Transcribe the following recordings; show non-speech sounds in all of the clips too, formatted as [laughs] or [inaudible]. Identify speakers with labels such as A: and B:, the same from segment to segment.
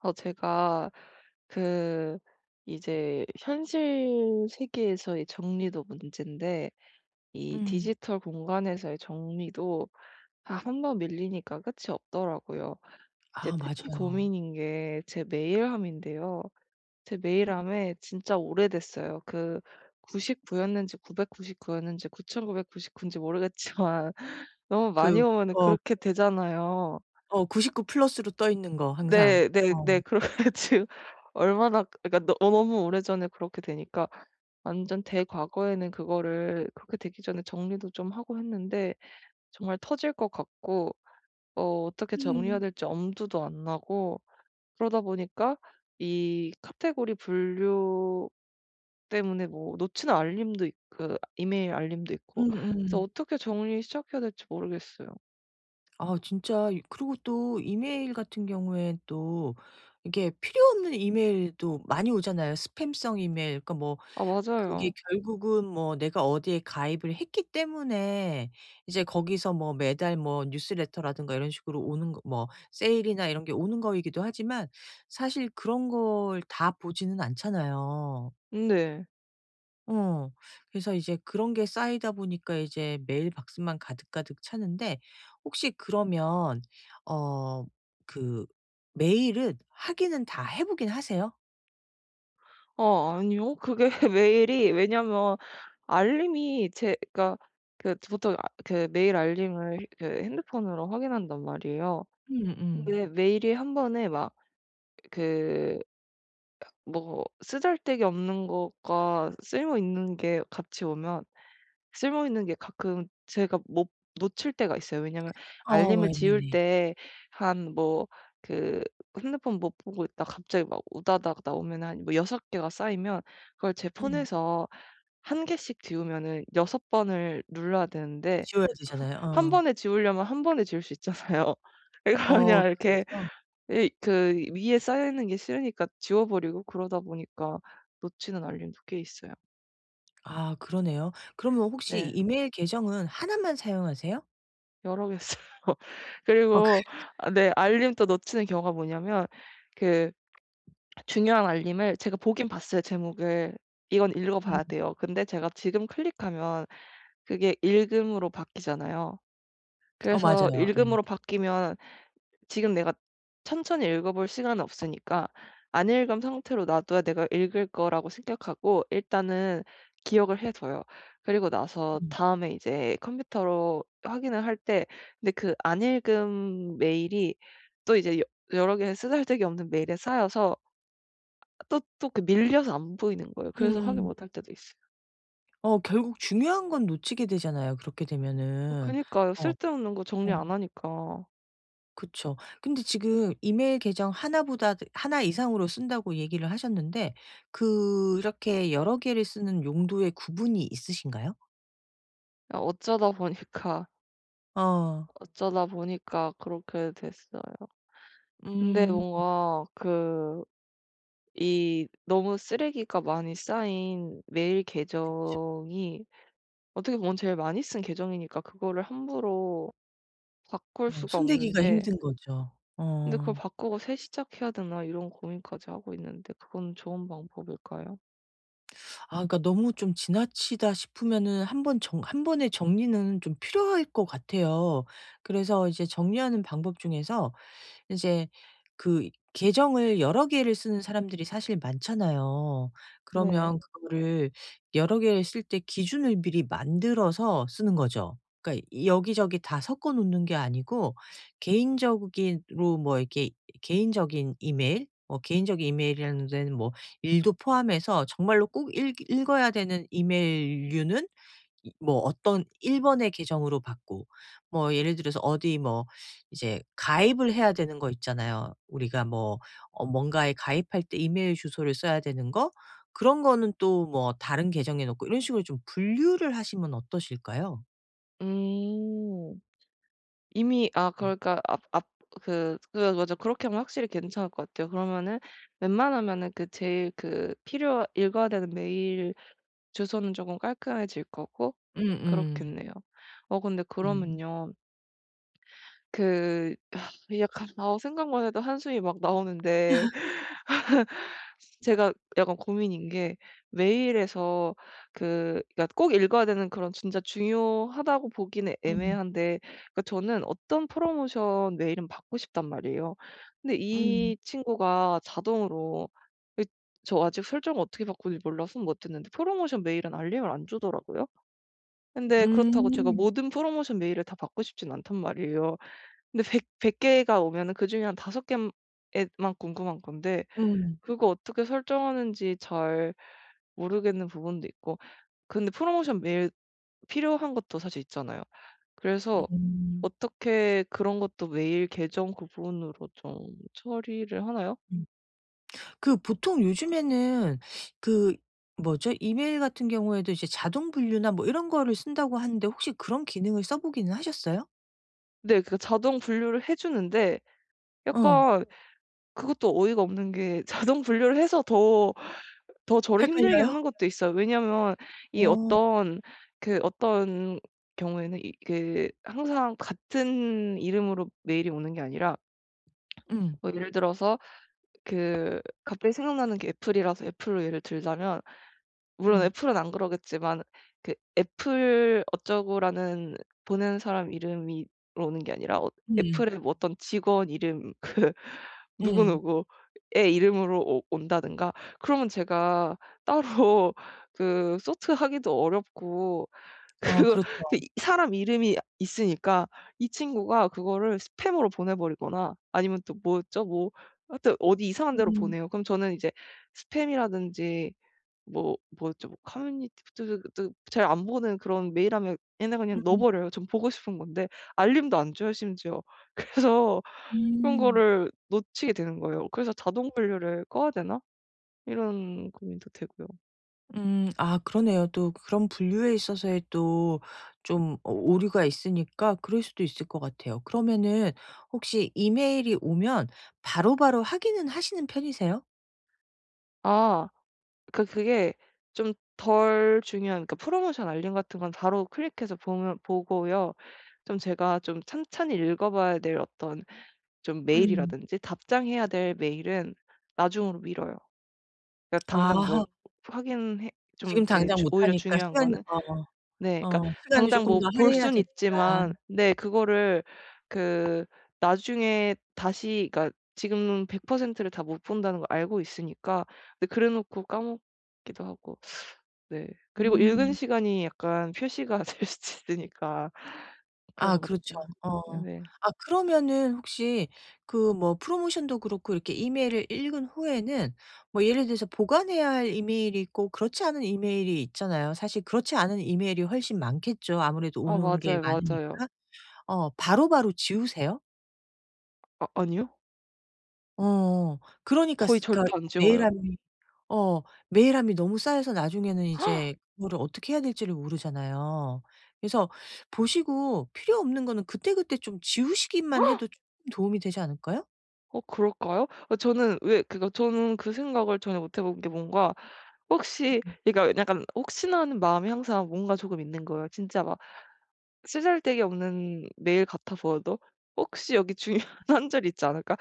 A: 어 제가 그 이제 현실 세계에서의 정리도 문젠데 이
B: 음.
A: 디지털 공간에서의 정리도 아 1 번 밀리니까 끝이 없더라고요. 이제
B: 아
A: 특히
B: 맞아요.
A: 고민인게 제 메일함인데요. 제
B: 음.
A: 메일함에 진짜 오래됐어요. 그 99 였는지 999 였는지 9999 인지 모르겠지만 너무 많이
B: 그
A: 오면은
B: 어
A: 그렇게 되잖아요.
B: 어 99 플러스로 떠 있는 거 항상.
A: 네 네
B: 어.
A: 네. 그래 가지고 얼마나 그러니까 너-너무 오래전에 그렇게 되니까 완전 대과거에는 그거를 그렇게 되기 전에 정리도 좀 하고 했는데 정말 터질 것 같고 어 어떻게 정리해야
B: 음.
A: 될지 엄두도 안 나고 그러다 보니까 이 카테고리 분류 때문에 뭐 놓치는 알림도 있 그 이메일 알림도 있고 그래서
B: 음음.
A: 어떻게 정리를 시작해야 될지 모르겠어요.
B: 아 진짜 이 그리고 또 이메일같은 경우엔 또 이게 필요없는 이메일도 많이 오잖아요. 스팸성 이메일 그러니까 뭐
A: 아
B: 그게
A: 맞아요.
B: 결국은 뭐 내가 어디에 가입을 했기 때문에 이제 거기서 뭐 매달 뭐 뉴스레터라든가 이런 식으로 오는거 뭐 세일이나 이런게 오는거이기도 하지만 사실 그런걸 다 보지는 않잖아요.
A: 네.
B: 어. 그래서 이제 그런게 쌓이다 보니까 이제 메일 박스만 가득가득 차는데. 혹시 그러면 어 그 메일은 확인은 다 해 보긴 하세요?
A: 어 아니요. 그게 메일이 왜냐하면 알림이 제가 그 저 보통 그 메일 알림을 그 핸드폰으로 확인한단 말이에요.
B: 음음.
A: 근데 메일이 한번에 막 그 뭐 쓰잘데기 없는 것과 쓸모있는 게 같이 오면 쓸모있는 게 가끔 제가 못 놓칠 때가 있어요. 왜냐하면
B: 아
A: 알림을 지울
B: 네네.
A: 때 한 뭐 그 핸드폰 못 보고 있다가 갑자기 막 우다다다 오면 한 6 개가 쌓이면 그걸 제
B: 음.
A: 폰에서 1 개씩 지우면은 6 번을 눌러야 되는데
B: 지워야 되잖아요.
A: [laughs] 1
B: 어.
A: 번에 지우려면 1 번에 지울 수 있잖아요. 그래서
B: 어
A: 그냥 이렇게
B: 그래서.
A: 이 그 위에 쌓여 있는 게 싫으니까 지워 버리고 그러다 보니까 놓치는 알림도 꽤 있어요.
B: 아 그러네요. 그러면 혹시
A: 네.
B: 이메일 계정은 1 만 사용하세요?
A: 여러 개 써요.
B: 어 그
A: 그리고
B: [laughs]
A: 아 네 알림도 놓치는 경우가 뭐냐면 그 [swallows] 중요한 알림을 제가 보긴 봤어요 제목을. 이건 읽어
B: 음.
A: 봐야 돼요. 근데 제가 지금 클릭하면 그게 "읽음."으로 바뀌잖아요.
B: 어
A: 그래서
B: 맞아요. 네.
A: "읽음."으로 바뀌면 지금 내가 천천히 읽어 볼 시간은 없으니까 안 읽은 상태로 놔 둬야 내가 '읽을 거.'라고 생각하고 일단은 기억을 해 둬요. 그리고 나서
B: 음.
A: 다음에 이제 컴퓨터로 확인을 할 때 근데 그 안 읽은 메일이 또 이제 여 여러 개의 쓰잘데기 없는 메일에 쌓여서 또 또 밀려서 안 보이는 거예요. 그래서 확인
B: 음.
A: 못 할 때도 있어요.
B: 어 결국 중요한 건 놓치게 되잖아요 그렇게
A: 어
B: 되면은.
A: 그니까요.
B: 어
A: 쓸데없는 거 정리 안
B: 어.
A: 하니까.
B: 그렇죠. 근데 지금 이메일 계정 1 보다 그 "1 이상으로 쓴다."고 얘기를 하셨는데 그렇게 여러 개를 쓰는 용도의 구분이 있으신가요?
A: 아 어쩌다보니까
B: 어.
A: 어쩌다보니까 그렇게 됐어요. 근데
B: 음.
A: 뭔가 그 이 너무 쓰레기가 많이 쌓인 메일
B: 그렇죠.
A: 계정이 어떻게 보면 제일 많이 쓴 계정이니까 그거를 함부로 바꿀
B: 어
A: 수가
B: 손대기가
A: 없는데.
B: 힘든 거죠.
A: 근데 '그걸
B: 어.
A: 바꾸고 새 시작해야되나?' 이런 고민까지 하고 있는데 그거는 좋은 방법일까요?
B: 아 그러니까 '너무 좀 지나치다.' 싶으면은 한번 정 1 번의 정리는 좀 필요할 것 같아요. 그래서 이제 정리하는 방법 중에서 이제 그 계정을 여러 개를 쓰는 사람들이 사실 많잖아요.
A: 네.
B: 그러면 그거를 여러 개를 쓸 때 기준을 미리 만들어서 쓰는 거죠. 그러니까 여기저기 다 섞어 놓는 게 아니고 개인적으로 뭐 이렇게 개인적인 이메일 뭐 개인적인 이메일이라는 데는 뭐 일도 포함해서 정말로 꼭 읽 읽어야 되는 이메일류는 이 뭐 어떤 1 번의 계정으로 받고. 뭐 예를 들어서 어디 뭐 이제 가입을 해야 되는 거 있잖아요. 우리가 뭐 어 뭔가에 가입할 때 이메일 주소를 써야 되는 거, 그런 거는 또 뭐 다른 계정에 놓고 이런 식으로 좀 분류를 하시면 어떠실까요?
A: 음. 이미 아
B: 음.
A: 그러니까 앞 앞 그 [unintelligible] 그렇게 하면 확실히 괜찮을 것 같아요. 그러면은 웬만하면은 그 제일 그 필요 읽어야 되는 메일 주소는 조금 깔끔해질 거고
B: 음음.
A: 그렇겠네요. 어 근데
B: 음.
A: 그러면요 그 [laughs] 약간 아 생각만 해도 한숨이 막 나오는데
B: [laughs]
A: [laughs] 제가 약간 고민인게 메일에서 그 그러니까 꼭 읽어야 되는 그런 진짜 중요하다고 보기는
B: 음.
A: 애매한데 그러니까 저는 어떤 프로모션 메일은 받고 싶단 말이에요. 근데
B: 음.
A: 이 친구가 자동으로 이 저 아직 설정을 어떻게 바꾸는지 몰라서 못 했는데 프로모션 메일은 알림을 안 주더라구요. 근데 그렇다고 제가
B: 음.
A: 모든 프로모션 메일을 다 받고 싶진 않단 말이에요. 근데 100- 100 개가 오면은 그중에 한 5 개에 에만 궁금한 건데
B: 음.
A: 그거 어떻게 설정하는지 잘 모르겠는 부분도 있고. 근데 프로모션 메일 필요한 것도 사실 있잖아요. 그래서
B: 음.
A: 어떻게 그런 것도 메일 계정 구분으로 좀 처리를 하나요?
B: 음. 그 보통 요즘에는 그 뭐죠? 이메일 같은 경우에도 이제 자동 분류나 뭐 이런 거를 쓴다고 하는데 혹시 그런 기능을 써 보기는 하셨어요?
A: 네 그 자동 분류를 해 주는데
B: 응.
A: 약간 그것도 어이가 없는 게 자동 분류를 해서 더 더 저를 힘들게
B: 헷갈려요?
A: 하는 것도 있어요. 왜냐하면 이
B: 어.
A: 어떤 그 어떤 경우에는 이 그 항상 같은 이름으로 메일이 오는게 아니라
B: 음.
A: 뭐 예를 들어서 그 갑자기 생각나는게 애플이라서 애플로 예를 들자면 물론
B: 음.
A: 애플은 안그러겠지만 그 애플 어쩌고라는 보낸 사람 이름으로 오는 게 아니라 어
B: 음.
A: 애플의 어떤 직원 이름 그 누구
B: 음.
A: 누구의 이름으로 오 온다든가 그러면 제가 따로 그 sort 하기도 어렵고
B: 어
A: 그
B: 그렇죠.
A: 이 사람 이름이 있으니까 이 친구가 그거를 스팸으로 보내 버리거나 아니면 또 뭐였죠? 뭐 하여튼 어디 이상한 데로
B: 음.
A: 보내요. 그럼 저는 이제 스팸이라든지 뭐 뭐였죠? 뭐 커뮤니티 [unintelligible] 잘 안보는 그런 메일함에 얘네 그냥 넣어
B: 음.
A: 버려요. 전 보고 싶은 건데. 알림도 안 줘요 심지어. 그래서 그런
B: 음.
A: 거를 놓치게 되는 거예요. 그래서 '자동 분류를 꺼야 되나?' 이런 고민도 되고요.
B: 음. 아 그러네요. 또 그런 분류에 있어서의 또 좀 오 오류가 있으니까 그럴수도 있을 것 같아요. 그러면은 혹시 이메일이 오면 바로바로 확인은 하시는 편이세요?
A: 아. 그 그게 좀 덜 중요한 그러니까 프로모션 알림 같은 건 바로 클릭해서 보면 보고요. 좀 제가 좀 찬찬히 읽어 봐야 될 어떤 좀
B: 음.
A: 메일이라든지 답장해야 될 메일은 나중으로 미뤄요. 그러니까 당장 뭘
B: 아.
A: 확인 해 좀
B: 지금
A: 이렇게
B: 당장
A: 중
B: 못
A: 오히려
B: 하니까
A: 중요한
B: 시간
A: 거는
B: 어
A: 네. 그러니까
B: 어 시간을
A: 당장
B: 조금
A: 뭐
B: 더
A: 볼
B: 할애해야
A: 수는
B: 되니까.
A: 있지만 네 그거를 그 나중에 다시 그러니까 지금 100% 를 다 못 본다는 걸 알고 있으니까. 근데 그래놓고 까먹기도 하고. 네. 그리고 읽은
B: 음.
A: 시간이 약간 표시가 될 수도 있으니까
B: 아
A: 그런
B: 그렇죠.
A: 것들
B: 어.
A: 네네.
B: 아 그러면은 혹시 그 뭐 프로모션도 그렇고 이렇게 이메일을 읽은 후에는 뭐 예를 들어서 보관해야 할 이메일이 있고 그렇지 않은 이메일이 있잖아요. 사실 그렇지 않은 이메일이 훨씬 많겠죠. 아무래도
A: 아
B: 오는 게
A: 맞아요, 맞아요.
B: 많으니까. 어 바로바로 지우세요?
A: 아 아니요.
B: 어. 그러니까
A: 거의
B: 쓰
A: 절대
B: 그러니까
A: 안 지워요.
B: 메일함이 어 메일함이 너무 쌓여서 나중에는
A: [gasps]
B: 이제 그거를 어떻게 해야 될 지를 모르잖아요. 그래서 보시고 필요 없는 거는 그때그때 좀 지우시기만 해도
A: [gasps]
B: 좀 도움이 되지 않을까요?
A: 어 그럴까요? 어 저는 왜 그러니까 저는 그 생각을 전혀 못 해 본 게 뭔가 혹시
B: [unintelligible]
A: 그러니까 약간 혹시나 하는 마음이 항상 뭔가 조금 있는 거에요. 진짜 막 쓰잘데기 없는 메일 같아 보여도 '혹시 여기 중요한 한 줄이 있지 않을까?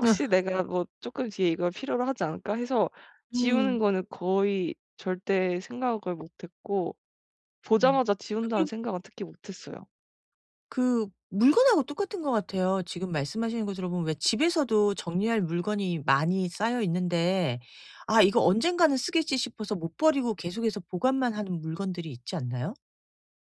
B: 느어.
A: 내가 조금 뒤에 이걸 필요로 하지 않을까?' 해서 지우는
B: 음.
A: 거는 거의 절대 생각을 못했고
B: 음.
A: '보자마자 지운다.'는
B: 아끔
A: 생각은 특히 못했어요.
B: 그 물건하고 똑같은 것 같아요. 지금 말씀하시는 거 들어 보면 왜 집에서도 정리할 물건이 많이 쌓여 있는데 '아 이거 언젠가는 쓰겠지' 싶어서 못 버리고 계속해서 보관만 하는 물건들이 있지 않나요?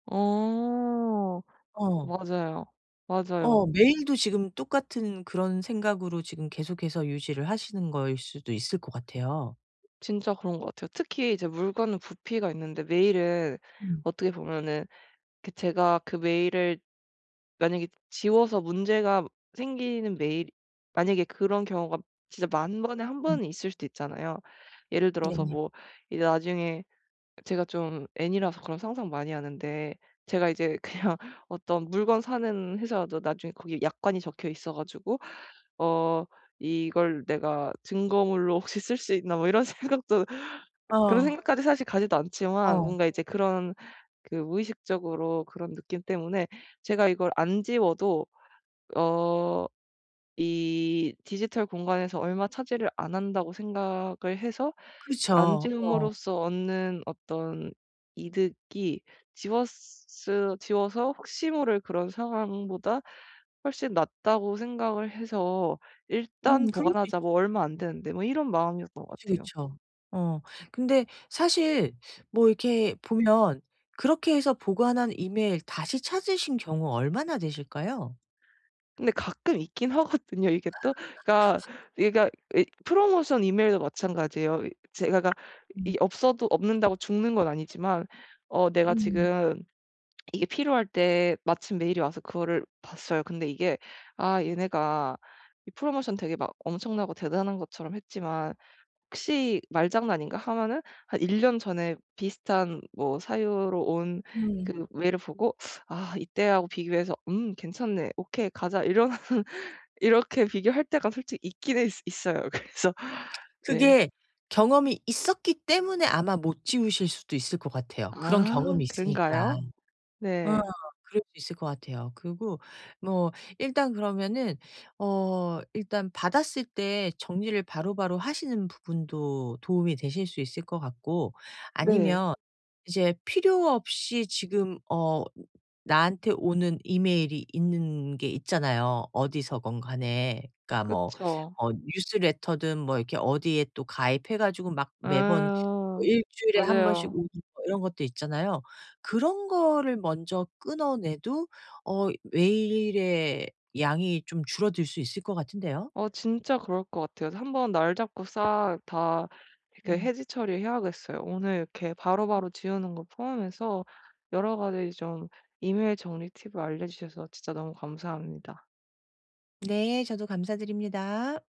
A: 어
B: 어.
A: 맞아요. 맞아요.
B: 어 메일도 지금 똑같은 그런 생각으로 지금 계속해서 유지를 하시는 거일 수도 있을 것 같아요.
A: 진짜 그런거 같아요. 특히 이제 물건은 부피가 있는데 메일은
B: 음.
A: 어떻게 보면은 그 제가 그 메일을 만약에 지워서 문제가 생기는 메일 만약에 그런 경우가 진짜 10,000 번에 1
B: 음.
A: 번은 있을 수도 있잖아요. 예를 들어서
B: 네네.
A: 뭐 이제 나중에 제가 좀 N이라서 그런 상상 많이 하는데 제가 이제 그냥 어떤 물건 사는 회사라도 나중에 거기 약관이 적혀 있어 가지고 어 '이걸 내가 증거물로 혹시 쓸 수 있나?' 뭐 이런 생각도 그런
B: 어.
A: 생각까지 사실 가지도 않지만
B: 어.
A: 뭔가 이제 그런 그 무의식적으로 그런 느낌 때문에 제가 이걸 안 지워도 어 이 '디지털 공간에서 얼마 차지를 안 한다.'고 생각을 해서 '안
B: 그렇죠. 어.
A: 지움으로써 얻는 어떤 이득이 지웠으 지워서 혹시 모를 그런 상황보다 훨씬 낫다.'고 생각을 해서 '일단
B: 음 그럴 수 있죠.
A: 보관하자. 뭐 얼마 안되는데.' 뭐 이런 마음이었던 것
B: 그쵸,
A: 같아요.
B: 그쵸. 어 근데 사실 뭐 이렇게 보면 그렇게 해서 보관한 이메일 다시 찾으신 경우 얼마나 되실까요?
A: 근데 가끔 있긴 하거든요 이게 또. 그러니까
B: [laughs]
A: 이거가 왜 프로모션 이메일도 마찬가지예요. 이 제가 이
B: 음.
A: 없어도 없는다고 죽는 건 아니지만 어 내가
B: 음.
A: 지금 [smacks lips] 이게 필요할 때 마침 메일이 와서 그거를 봤어요. 근데 이게 '아
B: 음.
A: 얘네가 이 프로모션 되게 막 엄청나고 대단한 것처럼 했지만 혹시 말장난인가?' 하면은 한 1 년 전에 비슷한 뭐 사유로 온
B: 음.
A: 그 메일을 보고 [sucks teeth] 아 이때하고 비교해서 '음 괜찮네. 오케이 가자.' 이런 이렇게 비교할 때가 솔직히 있기는 있어요. 그래서
B: [smacks lips]
A: 네.
B: 그게 경험이 있었기 때문에 아마 못 지우실 수도 있을 것 같아요. 그런
A: 아
B: 경험이 있으니까.
A: 그런가요?
B: 어
A: 네.
B: 그럴 수 있을 것 같아요. 그리고 뭐 일단 그러면은 어 일단 받았을 때 정리를 바로바로 하시는 부분도 도움이 되실 수 있을 것 같고
A: 네.
B: 아니면 이제 필요 없이 지금 어 나한테 오는 이메일이 있는 게 있잖아요, 어디서건 간에. 그러니까 뭐
A: 그쵸.
B: 어 뉴스 레터든 뭐 이렇게 어디에 또 가입해 가지고 막 매번
A: 아
B: 1 주일에 1 번씩
A: 맞아요.
B: 오는 이런 것들 있잖아요. 그런 거를 먼저 끊어 내도 어 메일의 양이 좀 줄어들 수 있을 것 같은데요.
A: 어 진짜 그럴 것 같아요. 한번 날 잡고 싹 다 이렇게
B: 음.
A: 해지 처리 해야겠어요. 오늘 이렇게 바로바로 지우는 거 포함해서 여러 가지 좀 이메일 정리 팁을 알려 주셔서 진짜 너무 감사합니다.
B: 네 저도 감사드립니다.